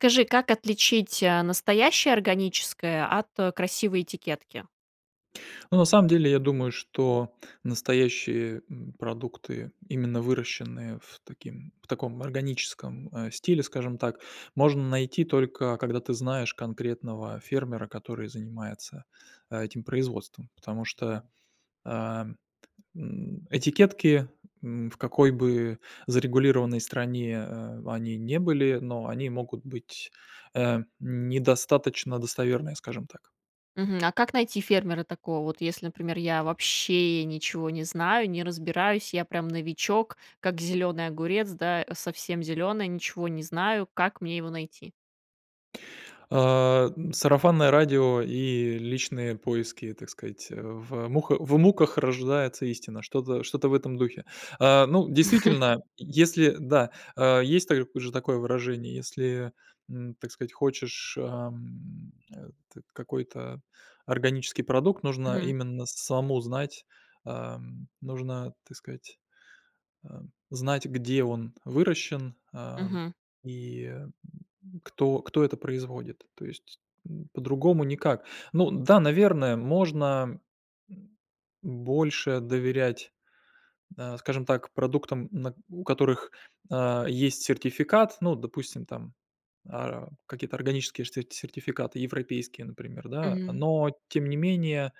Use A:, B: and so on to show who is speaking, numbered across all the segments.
A: Скажи, как отличить, а, настоящее органическое от, а, красивой этикетки?
B: Ну, на самом деле, я думаю, что настоящие, м, продукты, именно выращенные в таким в таком органическом, э, стиле, скажем так, можно найти только когда ты знаешь конкретного фермера, который занимается, а, этим производством. Потому что, ам, м, этикетки, м, в какой бы зарегулированной стране, э, они не были, но они могут быть, э, недостаточно достоверные, скажем так.
A: Мгм. А как найти фермера такого вот, если, например, я вообще ничего не знаю, не разбираюсь, я прям новичок, как зеленый огурец, да, совсем зеленая, ничего не знаю. Как мне его найти?
B: Э, сарафанное радио и личные поиски, так сказать. В муха в муках рождается истина, что-то что-то в этом духе. Э, ну, действительно, если Да. А, есть та же такое выражение, если, м, так сказать, хочешь, ам, а, т какой-то органический продукт, нужно
A: Мгм.
B: именно самому знать, ам, нужно, так сказать, а, знать, где он выращен, ам,
A: Мгм.
B: и, м, кто кто это производит. То есть, м, по-другому никак. Ну да, наверное, можно м больше доверять, а, скажем так, продуктам, на у которых, а, есть сертификат. Ну вот допустим там, а, какие-то органические штэ сертификаты, европейские, например, да.
A: Мгм.
B: Но тем не менее,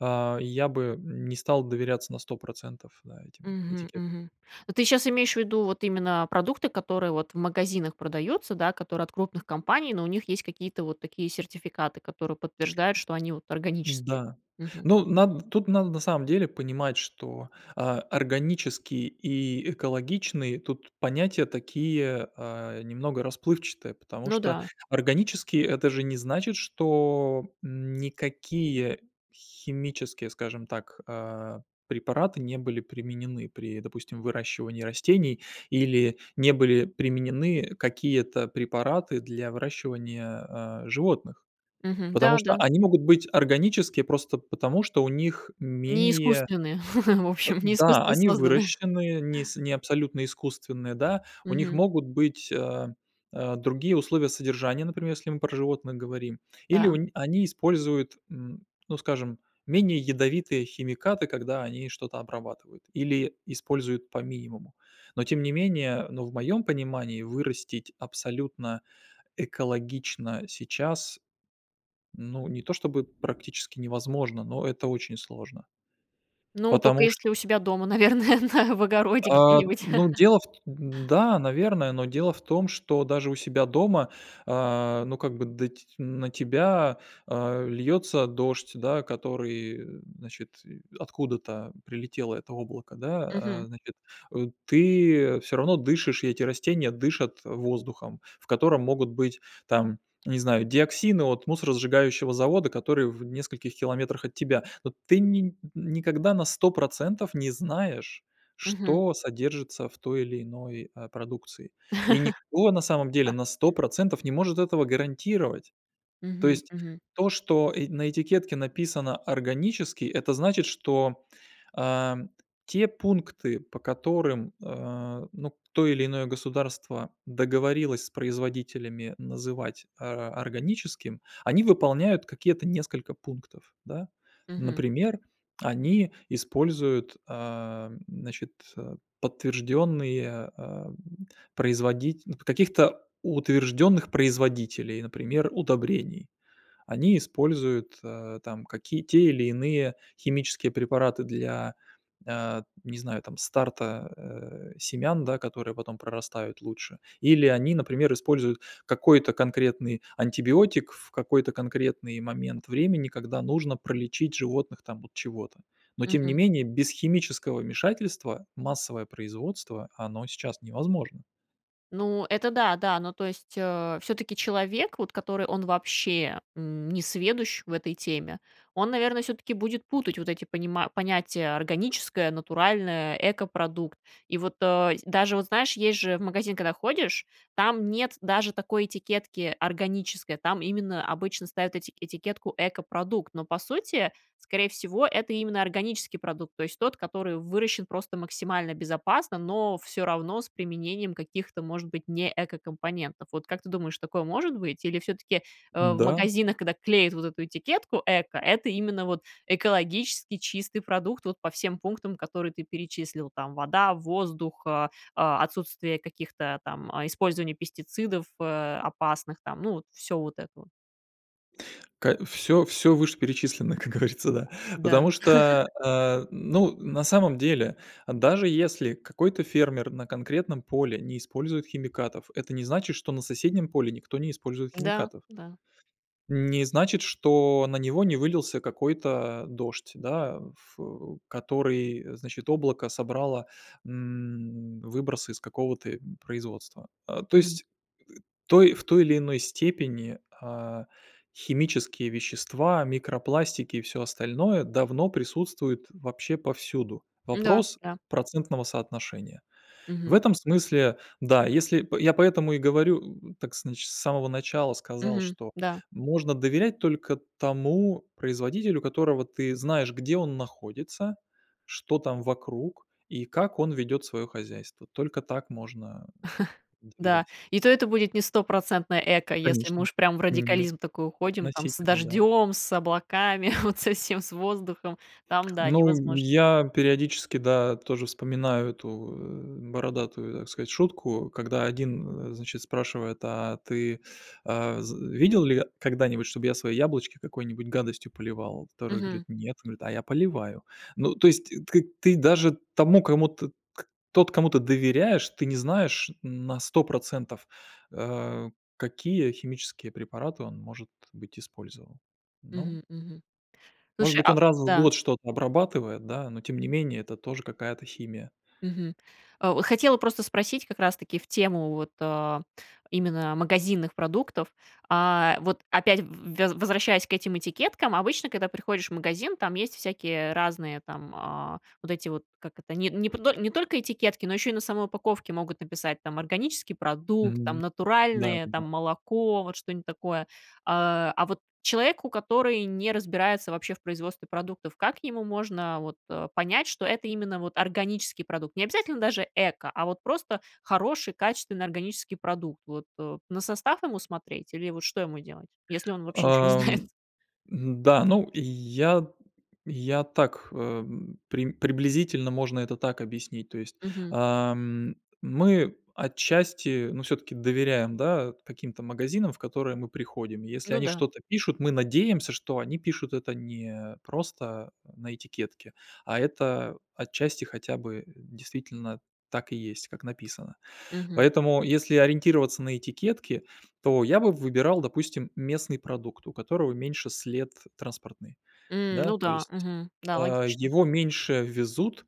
B: а, я бы не стал доверяться на 100 процентов, да, этим
A: Мгм,
B: этикеткам.
A: мгм. Ну, ты щас имеешь ввиду вот именно, а, продукты, которые вот в магазинах продаются, да, которые от крупных компаний, но у них есть какие-то вот такие сертификаты, которые подтверждают, что они вот органические.
B: Да.
A: Мгм.
B: Ну, над тут надо на самом деле понимать, что, а, органический и экологичный, тут понятия такие, а, немного расплывчатые, потому
A: Ну
B: что
A: да.
B: органические- это же не значит, что, м, никакие химические, скажем так, а, препараты не были применены при, допустим, выращивании растений, или не были применены какие-то препараты для выращивания, а, животных.
A: Мгм.
B: Потому
A: Да,
B: что
A: да.
B: они могут быть органические просто потому, что у них
A: Не
B: менее
A: искусственные, в общем, не
B: Да,
A: искусственно
B: они
A: созданы.
B: выращены, не с не абсолютно искусственные, да, у них
A: Мгм.
B: могут быть, а, другие условия содержания, например, если мы про животных говорим, или у
A: Да.
B: ни они используют, м, ну скажем, менее ядовитые химикаты, когда они что-то обрабатывают, или используют по минимуму. Но тем не менее, ну, в моем понимании, вырастить абсолютно экологично сейчас, ну, не то чтобы практически невозможно, но это очень сложно.
A: Ну, тока
B: Потому чт...
A: если у себя дома, наверное, на в огороде
B: А,
A: где-нибудь.
B: ну, дело в т н да, наверное, но дело в том, что даже у себя дома, а, ну как бы да ть на тебя, а, льется дождь, да, который, э, значит, э откуда-то прилетело это облако, да, а,
A: Мгм.
B: значит. Ты всё равно дышишь, и эти растения дышат воздухом, в котором могут быть там, не знаю, диоксины от мусоросжигающего завода, который в нескольких километрах от тебя. Но ты ни никогда на 100 процентов не знаешь,
A: Мгм.
B: что содержится в той или иной, а, продукции, и никто на самом деле
A: Да.
B: на 100 процентов не может этого гарантировать. То
A: Мгм,
B: есть
A: мгм.
B: то, что, э, на этикетке написано "органический", это значит, что, а, те пункты, по которым, а, ну, то или иное государство договорилось с производителями называть, а, органическим, они выполняют какие-то несколько пунктов, да.
A: Мгм.
B: Например, они используют, ам, значит, э, подтвержденные, а, производить н каких-то утвержденных производителей, например удобрений. Они используют, а, там какие, те или иные химические препараты для, а, не знаю, там старта, э, семян, да, которые потом прорастают лучше. Или они, например, используют какой-то конкретный антибиотик, в какой-то конкретный момент времени, когда нужно пролечить животных там от чего-то. Но тем не
A: Мгм.
B: менее, без химического вмешательства, массовое производство, оно сейчас невозможно.
A: Ну, это да да, ну, то есть, э, всё-таки человек, вот который, он вообще, м, несведущ в этой теме, он, наверное, всё-таки будет путать вот эти понима понятия: органическое, натуральное, экопродукт. И вот, э, даже, вот знаешь, есть же в магазин, когда ходишь, там нет даже такой этикетки- "органическое", там именно обычно ставят эти этикетку "экопродукт", но, по сути, скорее всего, это именно органический продукт, то есть, тот, который выращен просто максимально безопасно, но всё равно с применением каких-то, может быть, не экокомпонентов. Вот как ты думаешь, такое может быть? Или всё-таки, э, в
B: Н-да.
A: магазинах, когда клеят вот эту этикетку "эко" это именно вот экологически чистый продукт вот по всем пунктам, которые ты перечислил, там: вода, воздух, а, а, отсутствие каких-то там, а использования пестицидов, э, опасных там, ну, вот всё вот это вот?
B: Ка всё всё вышеперечисленное, как говорится, да.
A: Да.
B: Потому что, а, ну на самом деле, даже если какой-то фермер на конкретном поле не использует химикатов, это не значит, что на соседнем поле никто не использует
A: Да,
B: химикатов.
A: да.
B: Не значит, что на него не вылился какой-то дождь, да, ф э, который, значит, облако собрало, м, выбросы из какого-то, э, производства. А то
A: Мгм.
B: есть, той в той или иной степени, а, химические вещества, микропластики и всё остальное, давно присутствует вообще повсюду.
A: Н-да,
B: Вопрос
A: да.
B: процентного соотношения. В
A: Мгм.
B: этом смысле, да. Если, п я поэтому и говорю, так значит, с самого начала сказал,
A: Мгм.
B: что
A: Да.
B: можно доверять только тому производителю, которого ты знаешь, где он находится, что там вокруг, и как он ведет свое хозяйство. Только так можно, э,
A: Да.
B: доверять.
A: И то это будет не стопроцентное
B: Э,
A: эко, если мы
B: конечно,
A: уж прям в
B: нет.
A: радикализм такой уходим там, с
B: Относительно, да.
A: дождем, с облаками, вот совсем с воздухом, там, да,
B: Ну,
A: невозможно.
B: я периодически, да, тоже вспоминаю эту, э, бородатую, так сказать, шутку, когда один, э, значит спрашивает: "А ты, а, з видел ли когда-нибудь, чтобы я свои яблочки какой-нибудь гадостью поливал?" Второй говорит:
A: Мгм.
B: "Нет". Он говорит: "А я поливаю". Ну, то есть, т т к ты даже тому кому, т к тот, кому ты доверяешь, ты не знаешь, м, на 100 процентов, а, какие химические препараты он может быть использовал. Ну
A: Мгм, мгм.
B: Может
A: Слушай,
B: быть
A: а
B: он раз в
A: Да.
B: год что-то обрабатывает, да, но тем не менее это тоже какая-то химия.
A: Мгм. А, о, хотела просто спросить, как раз таки в тему вот, а, именно магазинных продуктов. А, вот опять, в в вез возвращаясь к этим этикеткам, обычно, когда приходишь в магазин, там есть всякие, э, разные там, а, вот эти вот, как это? Не не пто не только этикетки, но еще и на самой упаковке могут написать там, "органический продукт", там
B: Мгм. Да, да
A: "натуральное",
B: да.
A: там, молоко, вот что-нибудь такое. А, а вот человеку, который не разбирается вообще в производстве продуктов, как ему можно вот, а, понять, что это именно вот органический продукт, не обязательно даже эко, а вот просто хороший, качественный, органический продукт, вот, а, на состав ему смотреть, или вот что ему делать? Если он вообще ничего не знает?
B: Ам, м-да, ну я, я так, эм, прим приблизительно можно это так объяснить. То есть,
A: Мгм.
B: ам, мы отчасти, ну всё-таки доверяем, да, каким-то магазинам в которые мы приходим. Если
A: Ну
B: они
A: да.
B: что-то пишут, мы надеемся, что они пишут это не просто на этикетке, а это отчасти хотя бы действительно так и есть, как написано.
A: Мгм.
B: Поэтому, если ориентироваться на этикетки, то я бы выбирал, допустим, местный продукт, у которого меньше след транспортный,
A: М.
B: да.
A: Ну
B: То
A: да.
B: есть,
A: Мгм. Да,
B: а,
A: логично.
B: его меньше везут.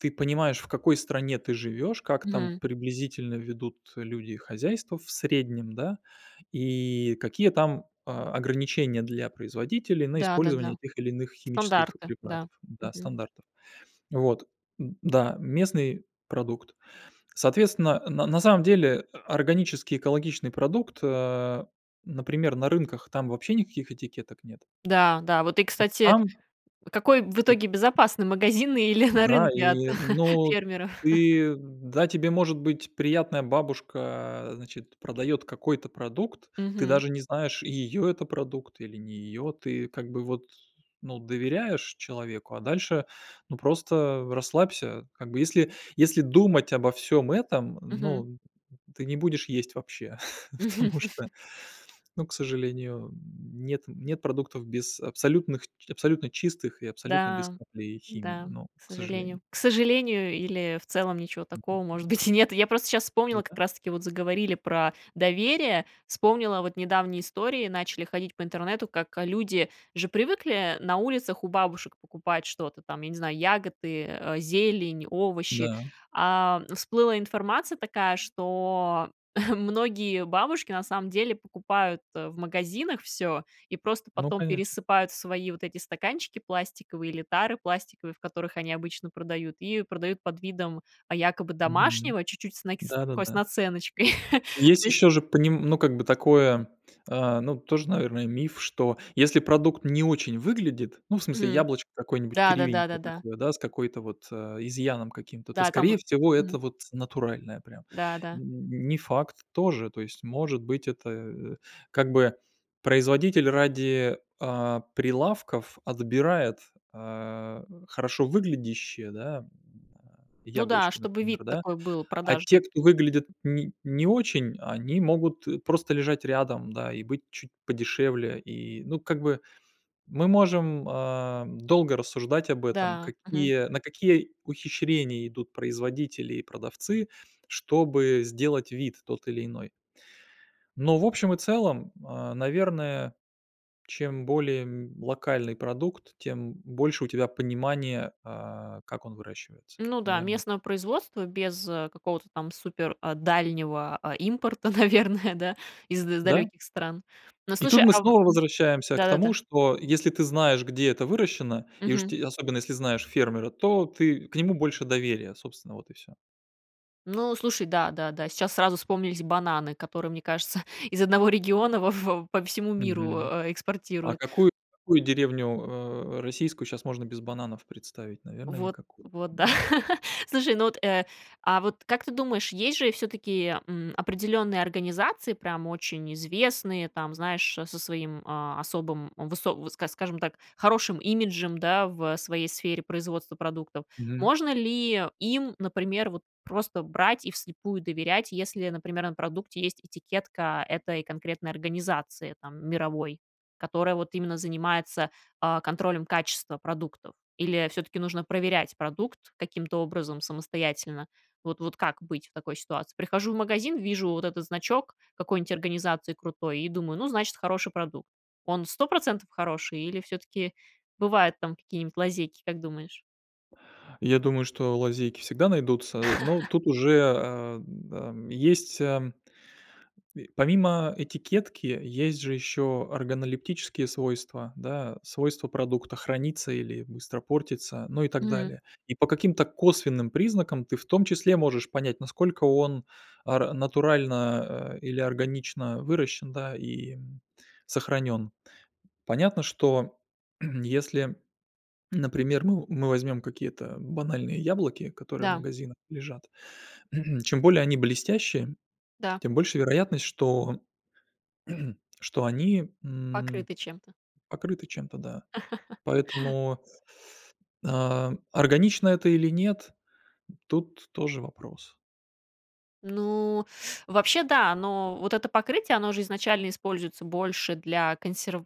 B: Ты понимаешь в какой стране ты живешь, как там
A: Мгм.
B: приблизительно ведут люди хозяйства в среднем, да, и какие там, а, ограничения для производителей на
A: Да,
B: использование
A: да-да.
B: тех или иных химических
A: Стандарты. Да.
B: препаратов, да,
A: Мгм.
B: стандартов. Вот. М, да, местный продукт. Соответственно, на на самом деле, э, органический экологичный продукт, а, например на рынках, там вообще никаких этикеток нет.
A: Да, да. Вот, и
B: И
A: кстати,
B: там
A: какой в
B: И
A: итоге безопасный магазин или на
B: Да,
A: рынке от
B: и ну,
A: фермеров?
B: ты да, тебе, может быть, приятная бабушка, значит, продает какой-то продукт, ты
A: Мгм.
B: даже не знаешь, ее это продукт или не ее. Ты как бы вот, ну, доверяешь человеку, а дальше ну, просто расслабься. Как бы если, если думать обо всём этом,
A: Мгм.
B: ну, ты не будешь есть вообще, потому что, ну, к сожалению, м, нет нет продуктов без абсолютных абсолютно чистых и абсолютно без
A: Да,
B: капли химии.
A: да,
B: Ну,
A: к
B: к сожалению.
A: сожалению. К сожалению, или, в целом, ничего
B: Мгм.
A: такого, может быть, и нет. Я просто сейчас
B: Ну
A: вспомнила, как
B: да.
A: раз таки, вот заговорили про доверие, вспомнила вот недавние истории, начали ходить по интернету, как, а, люди же привыкли на улицах у бабушек покупать что-то там, я не знаю, ягоды, э, зелень, овощи.
B: Да.
A: А всплыла информация такая, что многие бабушки, на самом деле, покупают, э, в магазинах всё, и просто
B: Ну
A: потом
B: конечно.
A: пересыпают в свои вот эти стаканчики пластиковые или тары пластиковые, в которых они обычно продают, и продают под видом, а, якобы
B: Мгм.
A: домашнего, чуть-чуть с нак с такой
B: Да-да-да.
A: наценочкой.
B: Есть
A: То есть...
B: еще же поним ну, как бы, такое, а, ну, тоже, наверное, миф, что если продукт не очень выглядит, ну, в смысле,
A: Мгм.
B: яблочко какое-нибудь
A: Да-да,
B: кривенькое
A: да-да-да.
B: такое, да, с какой-то вот э, изъяном каким-то, то,
A: Да, там
B: скорее
A: в
B: всего,
A: Мгм.
B: это вот натуральное прям.
A: Да, да.
B: М, не факт тоже, то есть может быть это, э, как бы производитель ради, а, прилавков отбирает, а, хорошо выглядящие, да, м, а,
A: Ну да,
B: яблочки,
A: чтобы
B: например,
A: вид
B: да.
A: такой был
B: А те,
A: продажный.
B: кто выглядят не не очень, они могут просто лежать рядом, да, и быть чуть подешевле. И ну как бы мы можем, ам, долго рассуждать об этом,
A: Да. Мгм.
B: какие на какие ухищрения идут производители и продавцы, чтобы сделать вид тот или иной. Но в общем и целом, а, наверное, чем более, м, локальный продукт, тем больше у тебя понимания, а, как он выращивается.
A: Ну да,
B: Наверно, так.
A: местного производства, без, а, какого-то там супер, а, дальнего, а, импорта, наверное, да, из
B: Да.
A: далеких стран. Ну,
B: И тут
A: слушай
B: мы
A: ам,
B: снова
A: мгм,
B: возвращаемся к
A: да-да-да.
B: тому, что если ты знаешь, где это выращено, и уж
A: Мгм.
B: те особенно если знаешь фермера, то ты к нему больше доверия, собственно, вот и всё.
A: Ну, слушай, да, да, да. Сейчас сразу вспомнились бананы, которые, мне кажется, из одного региона во во по всему миру,
B: Мгм.
A: а, э,
B: А
A: экспортируют.
B: какую какую деревню, а, российскую щас можно без бананов представить? Наверное,
A: Вот.
B: никакую.
A: Вот, да.
B: Н-да.
A: Слушай, ну вот, э, а вот как ты думаешь, есть же всё-таки, м, определенные организации, прям очень известные, там, знаешь, а, со своим, а, особым, высо ск скажем так, хорошим имиджем, да, в, э, своей сфере производства продуктов.
B: Мгм.
A: Можно ли им, например, вот просто брать и вслепую доверять, если, например, на продукте есть этикетка этой конкретной организации там мировой, которая вот именно занимается, а, контролем качества продуктов. Или всё-таки нужно проверять продукт каким-то образом самостоятельно? Вот вот как быть в такой ситуации? Прихожу в магазин, вижу вот этот значок какой-нить организации крутой, и думаю: "Ну, значит, хороший продукт". Он 100 процентов хороший, или всё-таки бывают там какие-нибудь лазейки, как думаешь?
B: Я думаю, что лазейки всегда найдутся, но тут уже, ам, ам, есть, ам, помимо этикетки есть же ещё органолептические свойства, да, свойства продукта храниться или быстро портиться, ну и так
A: Мгм.
B: далее. И по каким-то косвенным признакам, ты в том числе можешь понять, насколько он ар натурально, а, или органично выращен, да, и, м, сохранён. Понятно, что если, например, мы мы возьмем какие-то банальные яблоки, которые в
A: Да.
B: магазинах лежат, чем более они блестящие,
A: Да.
B: тем больше вероятность, что что они, м,
A: Покрыты чем-то.
B: покрыты чем-то, да. Поэтому, а, органично это или нет, тут тоже вопрос.
A: Ну, вообще, да, но, вот это покрытие, оно же изначально используется больше для консерв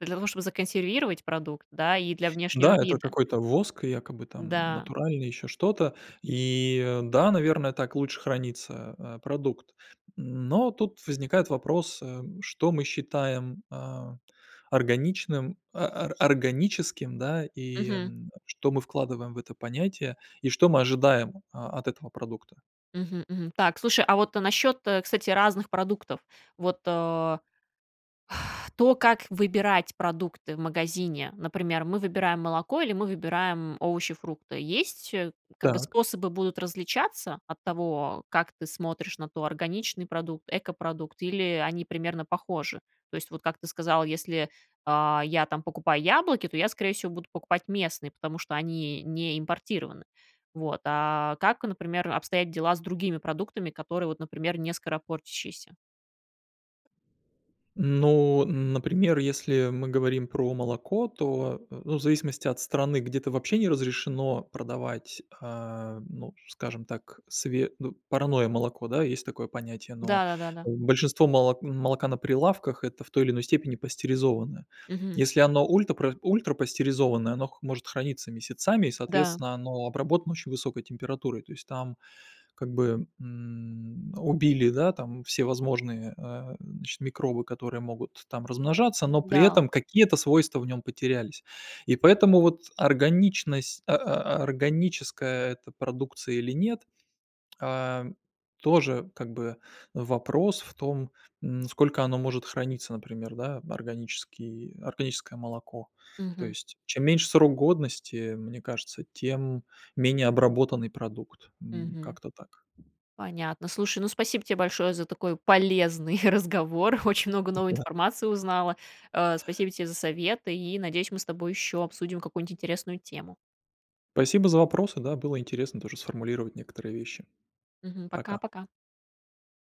A: для того, чтобы законсервировать продукт, да, и для внешнего
B: Да, это
A: вида.
B: какой-то воск, якобы там
A: Да.
B: натуральный, еще что-то, и да, наверное, так лучше хранится, а, продукт. Но тут возникает вопрос, э: что мы считаем, а, органичным, а, ар органическим, да, и,
A: Мгм.
B: м, что мы вкладываем в это понятие, и что мы ожидаем, а, от этого продукта?
A: Мгм, мгм. Так, слушай, а вот насчет, э, кстати, разных продуктов. Вот, э, то как выбирать продукты в магазине. Например, мы выбираем молоко или мы выбираем овощи, фрукты. Есть, э, как-бы
B: Так.
A: способы будут различаться, от того, как ты смотришь на то, органичный продукт, экопродукт, или они примерно похожи? То есть, вот, как ты сказал, если, э, я там покупаю яблоки, то я скорее всего, буду покупать местные, потому что они не импортированы. Вот, а как, например, обстоят дела с другими продуктами, которые, вот, например, не скоропортящиеся?
B: Ну, например, если мы говорим про молоко, то, ну, в зависимости от страны. Где-то вообще не разрешено продавать, э, ну скажем так, све ну, парное молоко. Да, есть такое понятие. Но,
A: Да, да-да-да.
B: большинство моло молока на прилавках- это в той или иной степени пастеризованное.
A: Мгм.
B: Если оно ультрапра ультрапастеризованное, оно х может храниться месяцами и
A: Да.
B: соответственно оно обработано очень высокой температурой. То есть, там, как бы, м. Убили, да, там все возможные, э, значит, микробы, которые могут там размножаться, но при
A: Да.
B: этом какие-то свойства в нём потерялись. И поэтому вот, органичность, а а органическое это продукция или нет, а, тоже как бы, вопрос в том, м, сколько оно может храниться, например, да, органический органическое молоко. То
A: Мгм.
B: есть. Чем меньше срок годности, э, мне кажется, тем менее обработанный продукт. М,
A: Мгм.
B: как-то так.
A: Понятно. Слушай, ну, спасибо тебе большое за такой полезный разговор. Очень много новой
B: Да.
A: информации узнала. А, спасибо тебе за советы, и, надеюсь, мы с тобой ещё обсудим какую-нибудь интересную тему.
B: Спасибо за вопросы, да было интересно тоже сформулировать некоторые вещи.
A: Мгм.
B: Пока.
A: Пока-пока.